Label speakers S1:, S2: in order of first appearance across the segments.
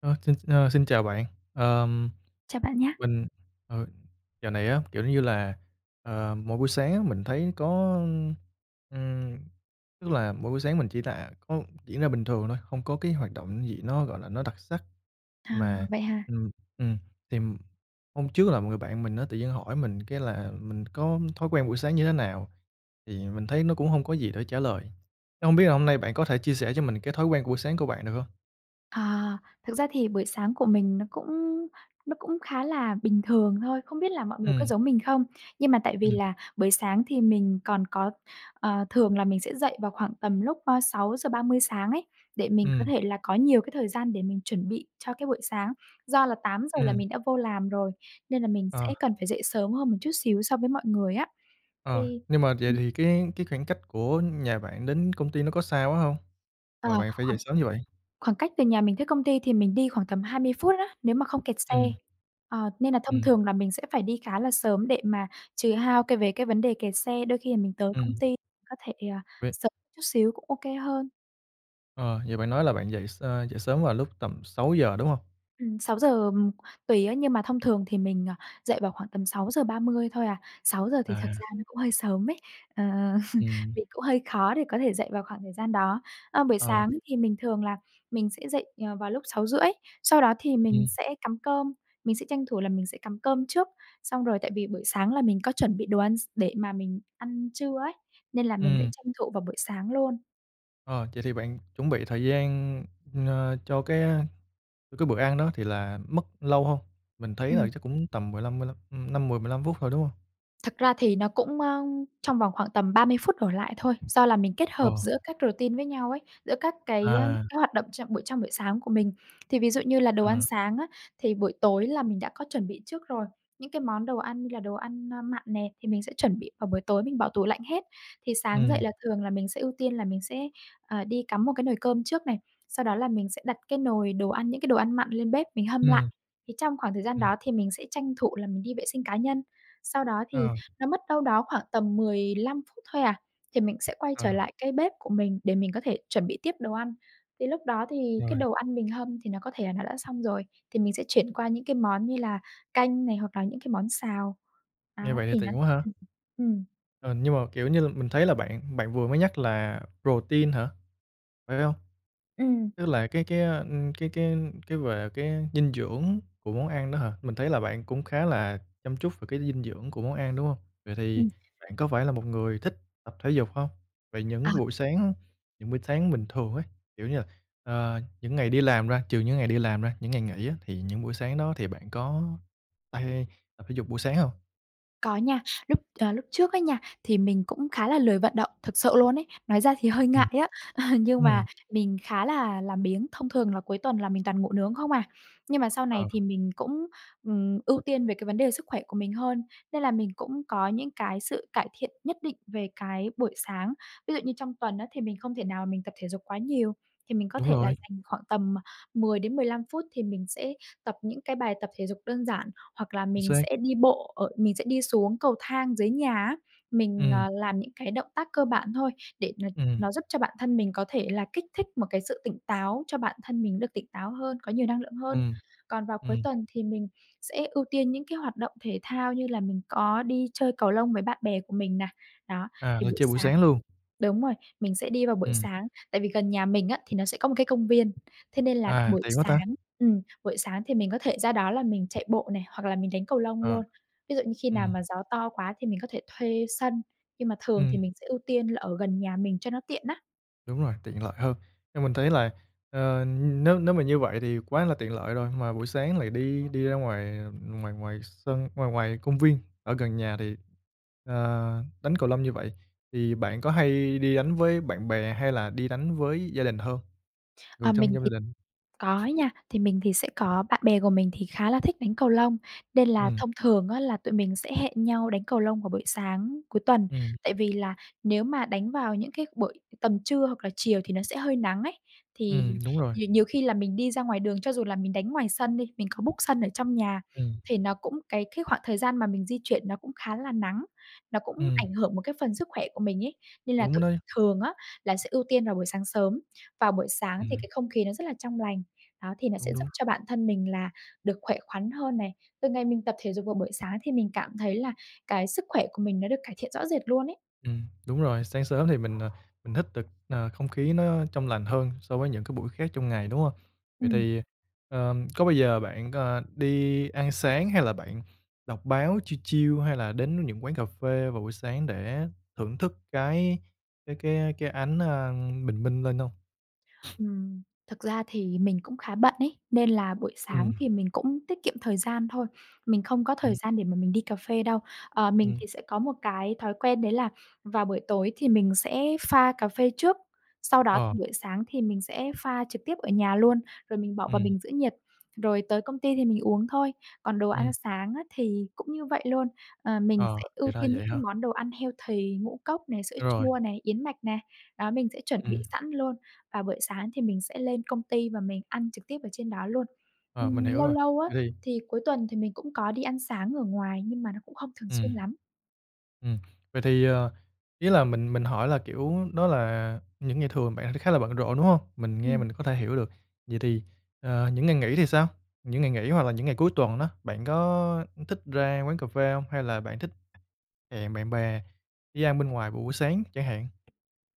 S1: Ơ, xin ơ, xin chào bạn. Ờm,
S2: Chào bạn nhá!
S1: mình, ờ, dạo này á, kiểu như là, ờ, mỗi buổi sáng á, mình thấy có, ưm, ừm, tức là mỗi buổi sáng mình chỉ là có diễn ra bình thường thôi, không có cái hoạt động gì nó, gọi là, nó đặc sắc.
S2: À,
S1: Mà
S2: vậy hả?
S1: ừm, ừm, thì hôm trước là một người bạn mình á, tự nhiên hỏi mình cái là mình có thói quen buổi sáng như thế nào. Thì mình thấy nó cũng hông có gì để trả lời. Thế hông biết là hôm nay bạn có thể chia sẻ cho mình cái thói quen buổi sáng của bạn được hông?
S2: À, thực ra thì buổi sáng của mình nó cũng nó cũng khá là bình thường thôi. Không biết là mọi người có
S1: Ừm.
S2: giống mình không, nhưng mà tại vì
S1: Ừm.
S2: là buổi sáng thì mình còn có ờ, thường là mình sẽ dậy vào khoảng tầm lúc, ơ, 6:30 sáng ấy, để mình có
S1: Ừm.
S2: thể là có nhiều cái thời gian để mình chuẩn bị cho cái buổi sáng. Do là 8:00 là
S1: Ừm.
S2: mình đã vô làm rồi nên là mình
S1: Ờ.
S2: sẽ cần phải dậy sớm hơn một chút xíu so với mọi người á.
S1: Ờ,
S2: Thì
S1: nhưng mà vậy
S2: ừm.
S1: thì cái cái khoảng cách của nhà bạn đến công ty nó có xa quá hông
S2: À,
S1: mà bạn phải dậy
S2: khoảng
S1: sớm như vậy?
S2: khoảng cách từ nhà mình tới công ty thì mình đi khoảng tầm 20 phút á, nếu mà không kẹt xe.
S1: Ừm.
S2: À, nên là thông
S1: Ừm.
S2: thường là mình sẽ phải đi khá là sớm để mà trừ hao cái về cái vấn đề kẹt xe, đôi khi là mình tới công
S1: Ừm.
S2: ty có thể, ờ,
S1: Vậy
S2: sớm chút xíu cũng OK hơn.
S1: Ờ, như bạn nói là bạn dậy s ơ, dậy sớm là vào lúc tầm 6:00, đúng hông?
S2: Ừm, 6:00, ờm, tùy á, nhưng mà thông thường thì mình, ờ, dậy vào khoảng tầm 6:30 thôi à. 6:00 thì thật
S1: À.
S2: ra nó cũng hơi sớm ấy, ờ,
S1: Ừm.
S2: mình cũng hơi khó để có thể dậy vào khoảng thời gian đó. Ơ, buổi
S1: Ờ.
S2: sáng thì mình thường là mình sẽ dậy, ờ, vào lúc 6:30, sau đó thì mình
S1: Ừm.
S2: sẽ cắm cơm, mình sẽ tranh thủ là mình sẽ cắm cơm trước. Xong rồi tại vì buổi sáng là mình có chuẩn bị đồ ăn x để mà mình ăn trưa ấy, nên là mình sẽ
S1: Ừm.
S2: tranh thủ vào buổi sáng luôn.
S1: Ờ, vậy thì bạn chuẩn bị thời gian, n cho cái, ơ, cho cái bữa ăn đó thì là mất lâu hông? Mình thấy là
S2: Ừm.
S1: chắc cũng tầm 15, mươi lăm, ưm, 5, 10, 15 phút thôi, đúng hông?
S2: Thật ra thì nó cũng, ơ, trong vòng khoảng tầm 30 phút đổ lại thôi, do là mình kết hợp
S1: Ồ.
S2: giữa các routine với nhau ấy, giữa các cái
S1: À.
S2: các hoạt động chậm buổi trong buổi sáng của mình. Thì ví dụ như là đồ ăn
S1: Ờ.
S2: sáng á, thì buổi tối là mình đã có chuẩn bị trước rồi, những cái món đồ ăn như là đồ ăn, a, mặn nè thì mình sẽ chuẩn bị vào buổi tối mình bỏ tủ lạnh hết. Thì sáng dậy
S1: Ừm.
S2: là thường là mình sẽ ưu tiên là mình sẽ, à, đi cắm một cái nồi cơm trước này, sau đó là mình sẽ đặt cái nồi đồ ăn, những cái đồ ăn mặn lên bếp mình hâm lại.
S1: Ừm.
S2: Thì trong khoảng thời gian
S1: Ừm.
S2: đó thì mình sẽ tranh thủ là mình đi vệ sinh cá nhân, sau đó thì
S1: À.
S2: nó mất đâu đó khoảng tầm 15 phút thôi à, thì mình sẽ quay
S1: Ờ.
S2: trở lại cái bếp của mình để mình có thể chuẩn bị tiếp đồ ăn. Thì lúc đó thì cái
S1: Rồi.
S2: đồ ăn mình hâm thì nó có thể là nó đã xong rồi thì mình sẽ chuyển qua những cái món như là canh này hoặc là những cái món xào.
S1: Nghe
S2: Đó,
S1: vậy thì
S2: thì nó
S1: tiện quá ha.
S2: hừm, ừm, ừm.
S1: Ờ, nhưng mà, kiểu như, l mình thấy là bạn bạn vừa mới nhắc là protein hả, phải hông?
S2: Ừm.
S1: Tức là cái cái, ơ, ưm, cái cái cái về cái dinh dưỡng của món ăn đó hả? Mình thấy là bạn cũng khá là chăm chút về cái dinh dưỡng của món ăn, đúng hông? Vậy thì
S2: Ừm.
S1: bạn có phải là một người thích tập thể dục hông? Vậy những
S2: À.
S1: cái buổi sáng, những buổi sáng bình thường ấy, kiểu như, là, ờ, những ngày đi làm ra trừ những ngày đi làm ra, những ngày nghỉ á, thì những buổi sáng đó thì bạn có hay hay tập thể dục buổi sáng hông?
S2: Có nha. Lúc, ờ, lúc trước á nha, thì mình cũng khá là lười vận động thực sự luôn ấy. Nói ra thì hơi ngại
S1: Ừm.
S2: á, à, nhưng
S1: Ừm.
S2: mà mình khá là làm biếng, thông thường là cuối tuần là mình toàn ngủ nướng không à. Nhưng mà sau
S1: Ờ.
S2: này thì mình cũng, ừm, ưu tiên về cái vấn đề sức khỏe của mình hơn nên là mình cũng có những cái sự cải thiện nhất định về cái buổi sáng. Ví dụ như trong tuần á, thì mình không thể nào mình tập thể dục quá nhiều, thì mình có
S1: Đúng
S2: thể là
S1: rồi.
S2: dành khoảng tầm 10 đến 15 phút thì mình sẽ tập những cái bài tập thể dục đơn giản hoặc là
S1: Chính
S2: mình
S1: xác.
S2: sẽ đi bộ ở mình sẽ đi xuống cầu thang dưới nhà á, mình,
S1: Ừm.
S2: à, làm những cái động tác cơ bản thôi để n
S1: Ừm.
S2: nó giúp cho bản thân mình có thể là kích thích một cái sự tỉnh táo cho bản thân mình được tỉnh táo hơn, có nhiều năng lượng hơn.
S1: Ừm.
S2: Còn vào cuối
S1: Ừm.
S2: tuần thì mình sẽ ưu tiên những cái hoạt động thể thao như là mình có đi chơi cầu lông với bạn bè của mình nà. Đó,
S1: À,
S2: thì
S1: là
S2: buổi
S1: chơi buổi
S2: sáng
S1: sáng luôn?
S2: đúng rồi, mình sẽ đi vào buổi
S1: Ừm.
S2: sáng. Tại vì gần nhà mình á, thì nó sẽ có một cái công viên, thế nên là
S1: À,
S2: buổi
S1: tiện quá ta!
S2: sáng ừm, buổi sáng thì mình có thể ra đó là mình chạy bộ nè hoặc là mình đánh cầu lông
S1: Ờ.
S2: luôn, ví dụ như khi nào
S1: Ừm.
S2: mà gió to quá thì mình có thể thuê sân nhưng mà thường
S1: Ừm.
S2: thì mình sẽ ưu tiên là ở gần nhà mình cho nó tiện á.
S1: Đúng rồi, tiện lợi hơn. Nhưng mình thấy là, ờ, nếu nếu mà như vậy thì quá là tiện lợi rồi mà buổi sáng lại đi đi ra ngoài ngoài ngoài sân ngoài ngoài công viên ở gần nhà thì, à, đánh cầu lông như vậy thì bạn có hay đi đánh với bạn bè hay là đi đánh với gia đình hơn, người
S2: Ờ,
S1: trong
S2: mình
S1: trong gia
S2: thì
S1: đình?
S2: có nha, thì mình thì sẽ có bạn bè của mình thì khá là thích đánh cầu lông nên là
S1: Ừm.
S2: thông thường á, là tụi mình sẽ hẹn nhau đánh cầu lông vào buổi sáng cuối tuần,
S1: Ừm.
S2: tại vì là nếu mà đánh vào những cái buổi tầm trưa hoặc chiều thì nó sẽ hơi nắng ấy. Thì
S1: Ừm, đúng rồi.
S2: nhiều nhiều khi là mình đi ra ngoài đường, cho dù là mình đánh ngoài sân đi, mình có book sân ở trong nhà
S1: Ừm.
S2: thì nó cũng cái cái khoảng thời gian mà mình di chuyển nó cũng khá là nắng, nó cũng
S1: Ừm.
S2: ảnh hưởng một cái phần sức khỏe của mình ấy. Nên là
S1: Đúng
S2: tụi mình
S1: đấy.
S2: thường á, là sẽ ưu tiên vào buổi sáng sớm. Vào buổi sáng thì
S1: Ừm.
S2: cái không khí nó rất là trong lành, đó, thì nó sẽ
S1: Cũng
S2: giúp
S1: đúng.
S2: cho bản thân mình là được khỏe khoắn hơn này. Từ ngày mình tập thể dục vào buổi sáng thì mình cảm thấy là cái sức khỏe của mình nó được cải thiện rõ rệt luôn ấy.
S1: Ừm, đúng rồi. Sáng sớm thì mình, ờ, mình hít được, ờ, không khí nó trong lành hơn so với những buổi khác trong ngày, đúng hông? Vậy
S2: Ừm.
S1: thì, ờm, có bao giờ bạn c đi ăn sáng hay là bạn đọc báo chill chill hay là đến những quán cà phê vào buổi sáng để thưởng thức cái cái cái, ơ, cái ánh, ơ, bình minh lên hông?
S2: Ừm, thực ra thì mình cũng khá bận ấy, nên là buổi sáng
S1: Ừm.
S2: thì mình cũng tiết kiệm thời gian thôi, mình không có thời
S1: Ừm.
S2: gian để mà mình đi cà phê đâu. Ờ, mình
S1: Ừm.
S2: thì sẽ có một cái thói quen đấy là vào buổi tối thì mình sẽ pha cà phê trước, sau đó
S1: Ờ.
S2: thì buổi sáng thì mình sẽ pha trực tiếp ở nhà luôn rồi mình bỏ vào
S1: Ừm.
S2: bình giữ nhiệt rồi tới công ty thì mình uống thôi. Còn đồ ăn
S1: Ừm.
S2: sáng á thì cũng như vậy luôn, ờ, mình
S1: Ờ,
S2: sẽ
S1: thì
S2: ưu
S1: ra
S2: tiên
S1: vậy
S2: những cái
S1: hả?
S2: món đồ ăn healthy ngũ cốc này, sữa
S1: Ơ, rồi.
S2: chua này, yến mạch nè, đó, mình sẽ chuẩn bị
S1: Ừm.
S2: sẵn luôn. Và buổi sáng thì mình sẽ lên công ty và mình ăn trực tiếp ở trên đó luôn.
S1: Ờ, mình
S2: Ừm,
S1: hiểu
S2: lâu
S1: rồi.
S2: lâu á,
S1: Vậy thì
S2: thì cuối tuần thì mình cũng có đi ăn sáng ở ngoài nhưng mà nó cũng không thường
S1: Ừm,
S2: xuyên lắm.
S1: ừm, vậy thì, ờ, ý là mình mình hỏi là, kiểu, đó là những ngày thường bạn thì khá là bận rộn, đúng hông? Mình nghe
S2: Ừm.
S1: mình có thể hiểu được. Vậy thì, à, những ngày nghỉ thì sao? Những ngày nghỉ hoặc là những ngày cuối tuần đó bạn có thích ra quán cà phê hông, hay là bạn thích hẹn bạn bè đi ăn bên ngoài vào buổi sáng chẳng hạn?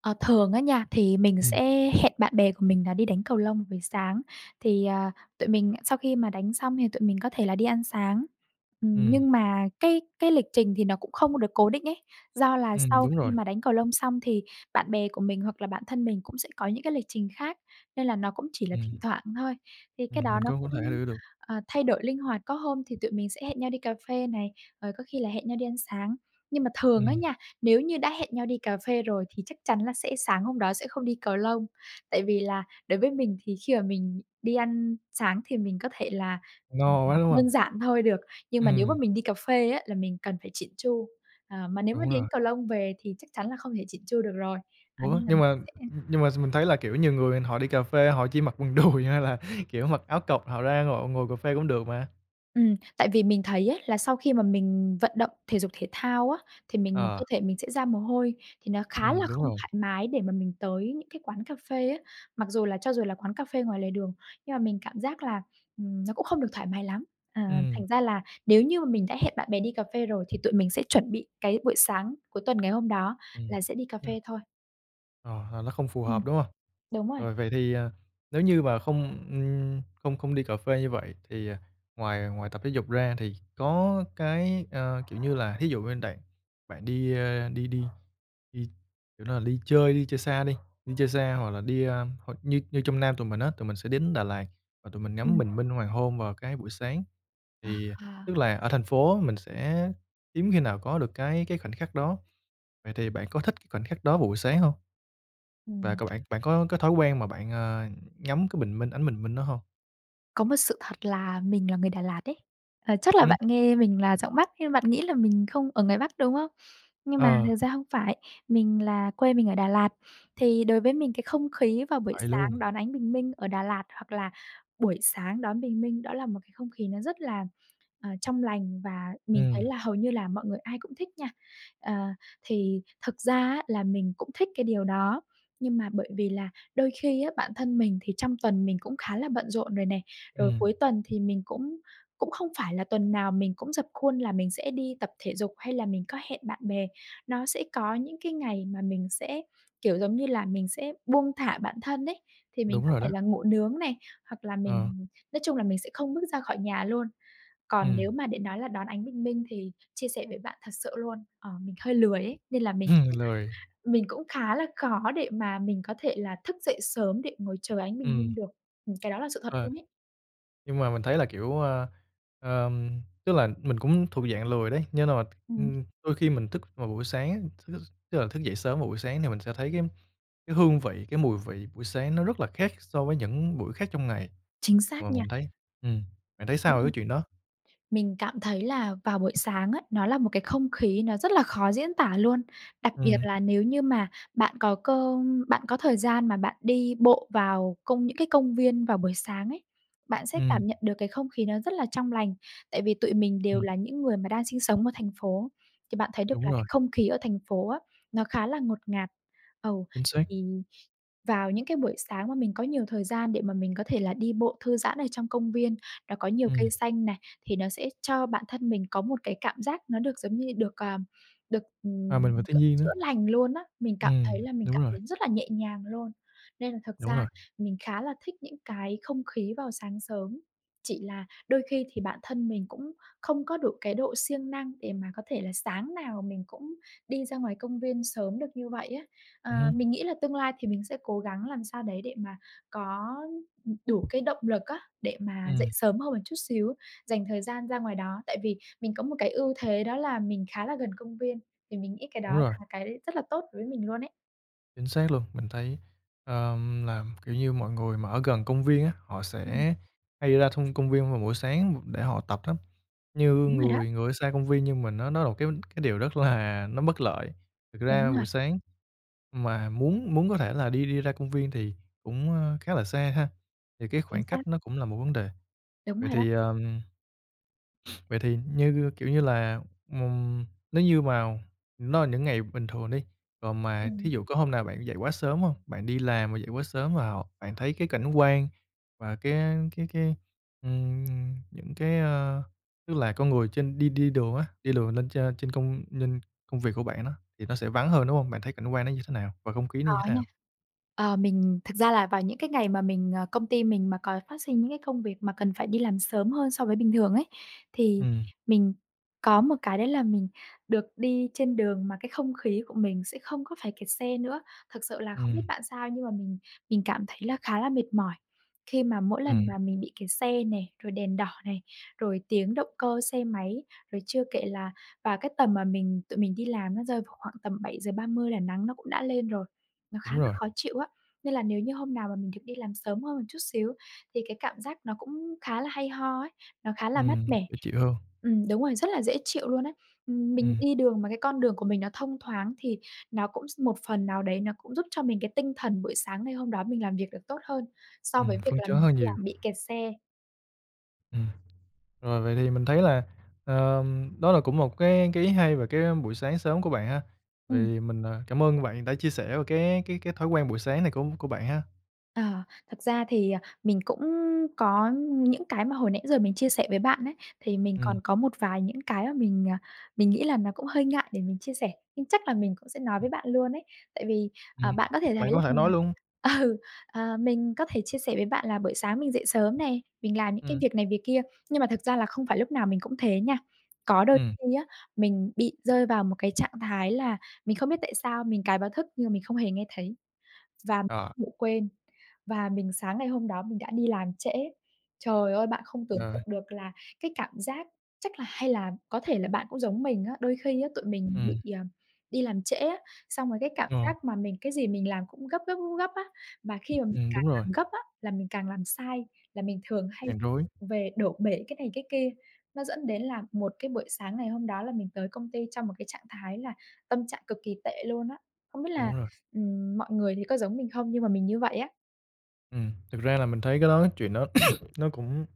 S2: Ờ, thường á nha, thì mình
S1: Ừm.
S2: sẽ hẹn bạn bè của mình là đi đánh cầu lông buổi sáng. Thì, à, tụi mình sau khi mà đánh xong thì tụi mình có thể là đi ăn sáng. Ừm,
S1: Ừm.
S2: nhưng mà cái cái lịch trình thì nó cũng không được cố định ấy, do là
S1: Ừm,
S2: sau
S1: đúng
S2: khi
S1: rồi.
S2: mà đánh cầu lông xong thì bạn bè của mình hoặc là bản thân mình cũng sẽ có những cái lịch trình khác nên là nó cũng chỉ là thỉnh
S1: Ừm.
S2: thoảng thôi, thì cái
S1: Ừm,
S2: đó
S1: mình
S2: nó
S1: có huống thể
S2: cũng,
S1: hiểu được.
S2: ờ, thay đổi linh hoạt, có hôm thì tụi mình sẽ hẹn nhau đi cà phê này, rồi có khi là hẹn nhau đi ăn sáng. Nhưng mà thường á
S1: Ừm.
S2: nha, nếu như đã hẹn nhau đi cà phê rồi thì chắc chắn là sẽ sáng hôm đó sẽ không đi cầu lông, tại vì là đối với mình thì khi mà mình đi ăn sáng thì mình có thể là, ừm,
S1: No
S2: ừm,
S1: quá, đúng hông?
S2: đơn giản thôi được, nhưng mà nếu mà
S1: Ừm.
S2: mình đi cà phê á là mình cần phải chỉn chu. À, mà nếu mà
S1: Đúng
S2: đi đánh
S1: rồi.
S2: cầu lông về thì chắc chắn là không thể chỉn chu được rồi. À,
S1: Ủa,
S2: nên là
S1: nhưng
S2: mình
S1: mà, ưm,
S2: sẽ
S1: ưm, nhưng mà s mình thấy là, kiểu, nhiều người họ đi cà phê họ chỉ mặc quần đùi hay là, kiểu, mặc áo cộc họ ra họ ngồi cà phê cũng được mà.
S2: Ừm, tại vì mình thấy ấy là sau khi mà mình vận động thể dục thể thao á, thì mình
S1: Ờ.
S2: cơ thể mình sẽ ra mồ hôi thì nó khá
S1: Ừm,
S2: là
S1: đúng
S2: không
S1: rồi.
S2: thoải mái để mà mình tới những cái quán cà phê á, mặc dù là cho dù là quán cà phê ngoài lề đường nhưng mà mình cảm giác là, ừm, nó cũng không được thoải mái lắm. À,
S1: Ừm.
S2: thành ra là nếu như mà mình đã hẹn bạn bè đi cà phê rồi thì tụi mình sẽ chuẩn bị cái buổi sáng cuối tuần ngày hôm đó
S1: Ừm,
S2: là sẽ đi cà
S1: kê.
S2: phê thôi.
S1: Ờ, là nó không phù
S2: Ừm.
S1: hợp, đúng hông?
S2: Đúng rồi.
S1: Rồi vậy thì, à, nếu như mà không, ừm, không không đi cà phê như vậy thì ngoài ngoài tập thể dục ra thì có cái ơ, kiểu như, là thí dụ bên đàn bạn đi, ơ, đi đi đi kiểu, nó là đi chơi đi chơi xa đi, đi chơi xa hoặc là đi, ờm hoặc như như trong Nam tụi mình á, tụi mình sẽ đến Đà Lạt và tụi mình ngắm
S2: Ừm.
S1: bình minh hoàng hôn vào cái buổi sáng,
S2: À,
S1: thì
S2: à.
S1: tức là ở thành phố mình sẽ hiếm khi nào có được cái cái khoảnh khắc đó. Vậy thì bạn có thích cái khoảnh khắc đó vào buổi sáng hông? Và
S2: Ừm.
S1: cơ bản bạn có cái thói quen mà bạn, ờ, ngắm cái bình minh, ánh bình minh đó hông?
S2: Có một sự thật là mình là người Đà Lạt đấy. Ờ, chắc là
S1: Ừm.
S2: bạn nghe mình là giọng Bắc nên là bạn nghĩ là mình không ở ngoài Bắc, đúng không? Nhưng mà
S1: Ờ.
S2: thật ra hông phải mình là quê mình ở Đà Lạt. Thì đối với mình cái không khí vào buổi
S1: Vậy luôn.
S2: sáng đón ánh bình minh ở Đà Lạt hoặc là buổi sáng đón bình minh đó là một cái không khí nó rất là, ờ, trong lành và mình thấy
S1: Ừm.
S2: là hầu như là mọi người ai cũng thích nha. Ờ, thì thực ra á, là mình cũng thích cái điều đó, nhưng mà bởi vì là đôi khi á, bản thân mình thì trong tuần mình cũng khá là bận rộn rồi nè, rồi
S1: Ừm.
S2: cuối tuần thì mình cũng cũng không phải là tuần nào mình cũng rập khuôn là mình sẽ đi tập thể dục hay là mình có hẹn bạn bè. Nó sẽ có những cái ngày mà mình sẽ, kiểu, giống như là mình sẽ buông thả bản thân ấy, thì mình
S1: Đúng
S2: có
S1: rồi đó.
S2: thể là ngủ nướng này hoặc là
S1: Ờ.
S2: mình nói chung là mình sẽ không bước ra khỏi nhà luôn. Còn
S1: Ừm.
S2: nếu mà để nói là đón ánh bình minh thì chia sẻ với bạn thật sự luôn, ờ, mình hơi lười ấy nên là mình cũng
S1: Lười.
S2: mình cũng khá là khó để mà mình có thể là thức dậy sớm để ngồi chờ ánh bình minh
S1: Ừm.
S2: được. Ừm, cái đó là sự thật
S1: Ờ.
S2: luôn ấy.
S1: Nhưng mà mình thấy là, kiểu, à ờm, tức là mình cũng thuộc dạng lười đấy, nghĩa là, ư,
S2: Ừm.
S1: đôi khi mình thức vào buổi sáng, th thức tức là dậy sớm vào buổi sáng thì mình sẽ thấy cái cái hương vị, cái mùi vị buổi sáng nó rất là khác so với những buổi khác trong ngày
S2: Chính
S1: và
S2: xác nha.
S1: mình thấy ừm, bạn thấy
S2: Phải,
S1: sao về cái
S2: ừm.
S1: chuyện đó?
S2: Mình cảm thấy là vào buổi sáng á, nó là một cái không khí nó rất là khó diễn tả luôn, đặc biệt
S1: Ừm.
S2: là nếu như mà bạn có cơ bạn có thời gian mà bạn đi bộ vào công những cái công viên vào buổi sáng ấy, bạn sẽ
S1: Ừm.
S2: cảm nhận được cái không khí nó rất là trong lành, tại vì tụi mình đều
S1: Ừm.
S2: là những người mà đang sinh sống ở thành phố, thì bạn thấy được
S1: Đúng
S2: là
S1: rồi.
S2: cái không khí ở thành phố á, nó khá là ngột ngạt. Ừ,
S1: Chính xác.
S2: thì vào những cái buổi sáng mà mình có nhiều thời gian để mà mình có thể là đi bộ thư giãn ở trong công viên đó có nhiều
S1: Ừm.
S2: cây xanh này, thì nó sẽ cho bản thân mình có một cái cảm giác nó được giống như được, ờm, được,
S1: Hoà
S2: ừm,
S1: mình vào thiên
S2: kiểu,
S1: nhiên nữa.
S2: chữa lành luôn á. Mình cảm thấy
S1: Ừm,
S2: là mình
S1: đúng
S2: cảm
S1: rồi.
S2: thấy rất là nhẹ nhàng luôn. Nên là thật
S1: Đúng
S2: ra
S1: rồi.
S2: mình khá là thích những cái không khí vào sáng sớm, chỉ là đôi khi thì bản thân mình cũng không có được cái độ siêng năng để mà có thể là sáng nào mình cũng đi ra ngoài công viên sớm được như vậy á. Ờ,
S1: Ừm hứm.
S2: mình nghĩ là tương lai thì mình sẽ cố gắng làm sao đấy để mà có, ừm, đủ cái động lực á, để mà dậy
S1: Ừm.
S2: sớm hơn một chút xíu, dành thời gian ra ngoài đó tại vì mình có một cái ưu thế đó là mình khá là gần công viên. Thì mình nghĩ cái đó
S1: Đúng rồi.
S2: là cái rất là tốt đối với mình luôn ấy.
S1: Chính xác luôn. Mình thấy, ờm, làm, kiểu như, mọi người mà ở gần công viên á, họ
S2: Ưm, ừm.
S1: sẽ hay ra thông công viên vào buổi sáng để họ tập lắm. Như
S2: Đúng rồi đó.
S1: người người ở xa công viên như mình á, nó là một cái cái điều rất là nó bất lợi. Thực
S2: Đúng
S1: ra
S2: rồi.
S1: buổi sáng mà muốn muốn có thể là đi đi ra công viên thì cũng, ơ, khá là xa ha? Thì cái
S2: Chính
S1: khoảng
S2: xác.
S1: cách nó cũng là một vấn đề.
S2: Đúng
S1: Vậy
S2: rồi đó.
S1: thì, ờm vậy thì như, kiểu như là, mùng nếu như mào nó là những ngày bình thường đi còn mà thí
S2: Ừm.
S1: dụ có hôm nào bạn dậy quá sớm hông? Bạn đi làm mà dậy quá sớm vào bạn thấy cái cảnh quan và cái, a, cái cái ừm, những cái, ơ tức là con người trên đi đi đường á, đi đường lên trên trên công lên công việc của bạn nó thì nó sẽ vắng hơn, đúng hông? Bạn thấy cảnh quan nó như thế nào và không khí nó
S2: Có
S1: như thế
S2: nha.
S1: nào?
S2: Ờ, mình thực ra là vào những cái ngày mà mình ờ, công ty mình mà có phát sinh những cái công việc mà cần phải đi làm sớm hơn so với bình thường ấy, thì
S1: Ừm.
S2: mình có một cái đấy là mình được đi trên đường mà cái không khí của mình sẽ không có phải kẹt xe nữa. Thực sự là không
S1: Ừm.
S2: biết bạn sao nhưng mà mình mình cảm thấy là khá là mệt mỏi khi mà mỗi lần
S1: Ừm.
S2: mà mình bị kẹt xe nè, rồi đèn đỏ này, rồi tiếng động cơ xe máy rồi chưa kể là và cái tầm mà mình tụi mình đi làm nó rơi vào khoảng tầm 7:30 là nắng nó cũng đã lên rồi, nó khá
S1: Đúng
S2: là
S1: rồi.
S2: khó chịu á. Nên là nếu như hôm nào mà mình được đi làm sớm hơn một chút xíu thì cái cảm giác nó cũng khá là hay ho ấy, nó khá là mát
S1: Ừm,
S2: mẻ.
S1: dễ chịu hơn.
S2: Ừm, đúng rồi, rất là dễ chịu luôn á. Ừm, mình
S1: Ừm.
S2: đi đường mà cái con đường của mình nó thông thoáng thì nó cũng s một phần nào đấy nó cũng giúp cho mình cái tinh thần buổi sáng ngày hôm đó mình làm việc được tốt hơn, so
S1: Ừm,
S2: với việc
S1: phấn
S2: là
S1: chấn
S2: mình
S1: hơn
S2: đi
S1: nhiều.
S2: làm bị kẹt xe.
S1: Ừm, rồi vậy thì mình thấy là, ờm, đó là cũng một cái cái ý hay về cái, ưm, buổi sáng sớm của bạn ha. Vậy
S2: Ừm.
S1: thì mình à, cảm ơn bạn đã chia sẻ về cái cái cái thói quen buổi sáng này của của bạn ha.
S2: Ờ, thật ra thì, ờ, mình cũng có những cái mà hồi nãy giờ mình chia sẻ với bạn ấy thì mình
S1: Ừm.
S2: còn có một vài những cái mà mình, à, mình nghĩ là nó cũng hơi ngại để mình chia sẻ, nhưng chắc là mình cũng sẽ nói
S1: Ừm.
S2: với bạn luôn ấy. Tại vì,
S1: Ừm,
S2: à, bạn có thể thấy
S1: bạn
S2: là
S1: có thể nói
S2: mình
S1: luôn.
S2: ừ, ờ, mình có thể chia sẻ với bạn là buổi sáng mình dậy sớm nè mình làm những cái
S1: Ừm.
S2: việc này việc kia. Nhưng mà thực ra là không phải lúc nào mình cũng thế nha, có đôi
S1: Ừm.
S2: khi á, mình bị rơi vào một cái trạng thái là mình không biết tại sao mình cài báo thức nhưng mà mình không hề nghe thấy, và
S1: Ờ.
S2: ngủ quên và mình sáng ngày hôm đó mình đã đi làm trễ. Trời ơi! Bạn không tưởng
S1: Rồi.
S2: tượng được là cái cảm giác chắc là hay là có thể là bạn cũng giống mình á, đôi khi á tụi mình
S1: Ừm.
S2: bị, ờm, đi làm trễ á, xong rồi cái cảm
S1: Rồi.
S2: giác mà mình cái gì mình làm cũng gấp, gấp, gấp, gấp á, mà khi mà mình
S1: Ừm,
S2: càng
S1: đúng rồi.
S2: làm gấp á, là mình càng làm sai, là mình thường hay
S1: Càng rối.
S2: vụng về đổ bể cái này cái kia. Nó dẫn đến là một cái buổi sáng ngày hôm đó là mình tới công ty trong một cái trạng thái là tâm trạng cực kì tệ luôn á. Không biết là,
S1: Đúng rồi.
S2: ừm, mọi người thì có giống mình không nhưng mà mình như vậy á.
S1: Ừm, thật ra là mình thấy cái đó chuyện đó nó cũng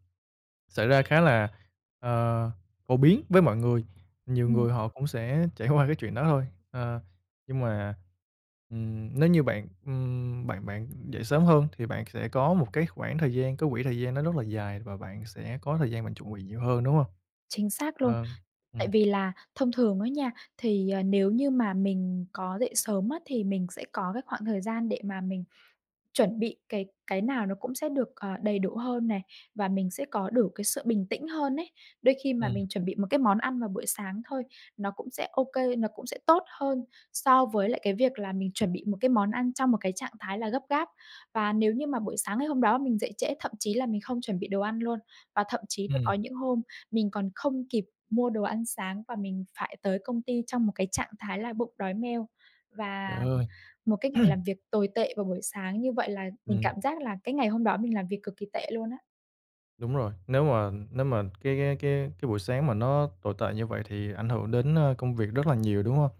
S1: xảy ra khá là, ờ, phổ biến với mọi người, nhiều
S2: Ừm.
S1: người họ cũng sẽ trải qua cái chuyện đó thôi. Ờ, nhưng mà, ừm, nếu như bạn, ừm, bạn bạn dậy sớm hơn thì bạn sẽ có một cái khoảng thời gian, có quỹ thời gian nó rất dài và bạn sẽ có thời gian bạn chuẩn bị nhiều hơn, đúng hông?
S2: Chính xác luôn.
S1: Ờm,
S2: Tại
S1: ừm.
S2: vì là thông thường đó nha, thì, à, nếu như mà mình có dậy sớm á, thì mình sẽ có cái khoảng thời gian để mà mình chuẩn bị cái cái nào nó cũng sẽ được, ờ, đầy đủ hơn này và mình sẽ có đủ cái sự bình tĩnh hơn ấy. Đôi khi mà
S1: Ừm.
S2: mình chuẩn bị một cái món ăn vào buổi sáng thôi nó cũng sẽ OK, nó cũng sẽ tốt hơn so với lại cái việc là mình chuẩn bị một cái món ăn trong một cái trạng thái là gấp gáp. Và nếu như mà buổi sáng ngày hôm đó mình dậy trễ thậm chí là mình không chuẩn bị đồ ăn luôn, và thậm chí là
S1: Ừm.
S2: có những hôm mình còn không kịp mua đồ ăn sáng và mình phải tới công ty trong một cái trạng thái là bụng đói meo, và
S1: Trời ơi!
S2: một cái ngày làm việc tồi tệ vào buổi sáng như vậy là mình
S1: Ừm.
S2: cảm giác là cái ngày hôm đó mình làm việc cực kì tệ luôn á.
S1: Đúng rồi, nếu mà nếu mà cái cái cái cái buổi sáng mà nó tồi tệ như vậy thì ảnh hưởng đến, ơ, công việc rất là nhiều, đúng hông?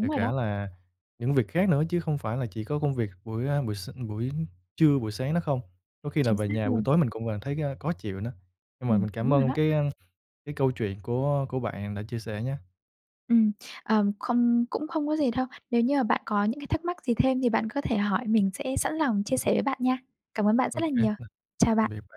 S1: Kể
S2: rồi
S1: cả
S2: đó.
S1: là những việc khác nữa chứ không phải là chỉ có công việc buổi, à, buổi s buổi trưa, buổi sáng đó không, có khi là
S2: Chính
S1: về
S2: xác
S1: nhà buổi
S2: luôn.
S1: tối mình cũng vẫn thấy cái, ơ, khó chịu nữa. Nhưng mà
S2: Ừm,
S1: mình cảm
S2: đúng rồi
S1: ơn
S2: đó.
S1: cái ăn cái câu chuyện của của bạn đã chia sẻ nhé.
S2: Ừm, ờm, không cũng không có gì đâu. Nếu như mà bạn có những cái thắc mắc gì thêm thì bạn có thể hỏi mình sẽ sẵn lòng chia sẻ với bạn nha. Cảm ơn bạn
S1: Ô
S2: rất là
S1: kê
S2: nhiều.
S1: và
S2: Chào
S1: tạm
S2: bạn.
S1: biệt bạn.